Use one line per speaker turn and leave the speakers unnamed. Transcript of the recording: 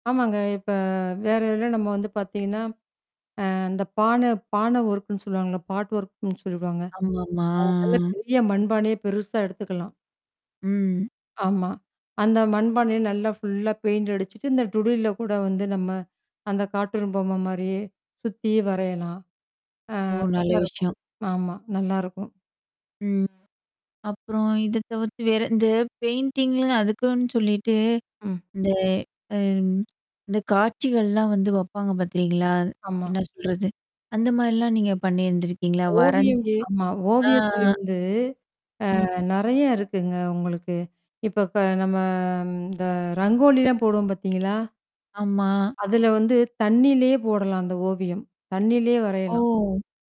ஆமாங்க. இப்ப வேற இதில நம்ம வந்து பாத்திங்கன்னா, அ, இந்த பான, பான ஒர்க்குன்னு சொல்லுவாங்கல்ல, பாட் ஒர்க்குன்னு சொல்வாங்க.
ஆமாமா
அ, நல்ல பெரிய மண்பானய பெருசா எடுத்துக்கலாம்.
ம்.
ஆமா. அந்த மண்பானைய நல்லா ஃபுல்லா பெயிண்ட்டு அடிச்சிட்டு, இந்த டுடியில்ல கூட வந்து, நம்ம அந்த கார்ட்டூன் பொம்ம மாரியே, சுத்தீ வரையலாம். ஆ,
ஓ! நல்ல
நல்லா இருக்கும்
விஷயம்.
ஆமா நல்லாருக்கும்.
ம். அப்புறம், இத தவிர்த்து வேற, இந்த பெயிண்டிங் ல அதுக்குன்னு சொல்லிட்டு
ம்.
இந்த, அ, இந்த காட்சிகள்லாவந்து வப்பாங்க பாத்தீங்களா?
ஆமா.
என்ன சொல்றது? அந்த மாரிலா நீங்க பண்ணியிருந்துருக்கீங்களா?
ஓவியம்.
வரஞ்சு
ஆமா,
அ
ஓவியத்தில வந்து அ,
ம்.
நெறயா இருக்குங்க, உங்களுக்கு. இப்ப நம்ம, இந்த ரங்கோலிலாம் போடுவோம் பாத்தீங்களா?
ஆமா.
அதில வந்து தண்ணிலயே போடலாம், அந்த ஓவியம். தண்ணிலயே வரையலாம்.
ஓ!